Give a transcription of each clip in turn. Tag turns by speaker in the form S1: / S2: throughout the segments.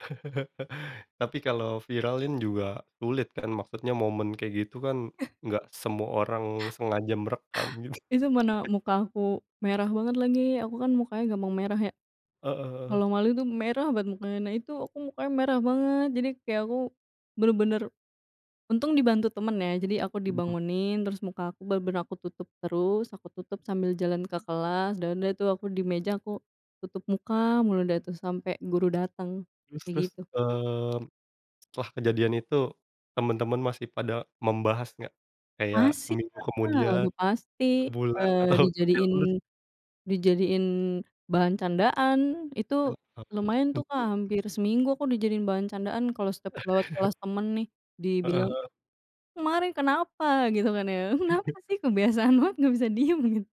S1: Tapi kalau viralin juga sulit, kan? Maksudnya momen kayak gitu kan,
S2: Eh.
S1: enggak semua orang sengaja merekam git
S2: Itu mana muka aku merah banget lagi. Aku kan mukanya gampang merah ya,
S1: Heeh heeh.
S2: kalau malu tuh, merah banget. Nah, karena itu, aku mukanya merah banget. Jadi kayak aku bener-bener untung dibantu temen, ya. Jadi aku
S1: Mhm.
S2: dibangunin, terus muka aku bener-bener aku tutup terus, aku tutup sambil jalan ke kelas, dan udah tuh, aku di meja, aku tutup muka mulu dah tuh, sampai guru datang,
S1: Terus terus,
S2: kayak gitu.
S1: eee, setelah kejadian itu, teman-teman masih pada membahas enggak? Kayak,
S2: Masih
S1: seminggu
S2: lah,
S1: kemudian,
S2: udah pasti,
S1: sebulan,
S2: eee,
S1: atau sampai
S2: dijadiin
S1: lulus?
S2: dijadiin bahan candaan.
S1: Iya,
S2: Itu
S1: oke.
S2: lumayan tuh, Kak, hampir seminggu aku dijadiin bahan candaan. Kalau setiap lewat kelas temen nih,
S1: Heeh
S2: dibilang,
S1: heeh.
S2: "Kemarin kenapa?" gitu kan ya. "Kenapa sih, kebiasaan banget. Nggak bisa diem" git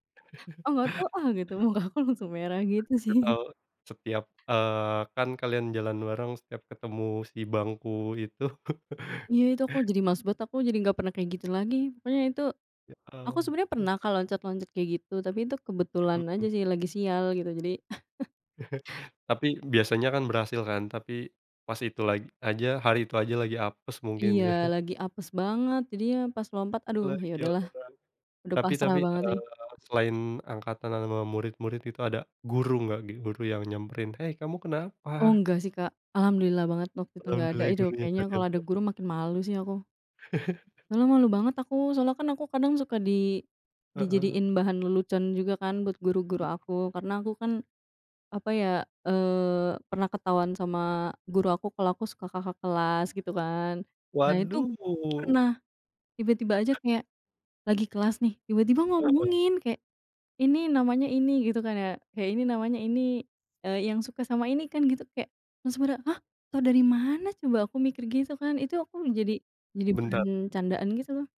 S2: "Ah, nggak tau, ah" gitu. Mukaku langsung merah gitu
S1: Enggak
S2: sih.
S1: tahu, setiap, eee, kan kalian jalan bareng, setiap ketemu si bangku itu.
S2: Iya, itu aku jadi malas banget, aku jadi nggak pernah kayak gitu lagi. Pokoknya itu
S1: Ya,
S2: aku sebenarnya
S1: ampun.
S2: pernah kalau loncat-loncat kayak gitu, tapi itu
S1: Mhm
S2: kebetulan aja
S1: mhm.
S2: sih, lagi sial, gitu jadi.
S1: Tapi biasanya kan, berhasil kan? Tapi pas itu lag aja hari itu aja lagi apes, mungkin.
S2: Iya, lagi apes banget jadinya. Pas lompat, aduh! Ya
S1: Lari atau
S2: udahlah,
S1: pelan?
S2: udah
S1: Tapi
S2: pasrah
S1: tapi,
S2: banget, sih.
S1: eee, selain angkatan ama nama murid-murid itu, ada guru nggak? Guru yang nyamperin, "Hei kamu
S2: Oh,
S1: kenapa?"
S2: enggak sih, Kak. Alhamdulillah banget waktu itu enggak ada
S1: Alhamdulillah,
S2: itu.
S1: gurunya
S2: Kayaknya
S1: tanyain
S2: kalau ada
S1: tuh.
S2: guru makin malu sih, aku. Malah malu banget aku. Soalnya, kan aku kadang suka di
S1: Heeh.
S2: dijadiin bahan lelucon juga kan, buat guru-guru aku. Karena aku kan, apa ya, eee, pernah ketahuan sama guru aku kalau aku suka kakak kelas, gitu kan. Nah itu, guruku
S1: Waduh!
S2: pernah tiba-tiba aja kayak lagi kelas nih, tiba-tiba
S1: Heeh.
S2: ngomongin. Kayak, "Ini namanya ini" gitu kan, ya. Kayak, "Ini namanya ini, eee, yang suka sama ini, kan?" Gitu kek langsung pada, "Hah? Tau dari mana coba?" Aku mikir gitu, kan. Itu aku jadi jadi
S1: Bentar.
S2: bahan candaan, gitu loh.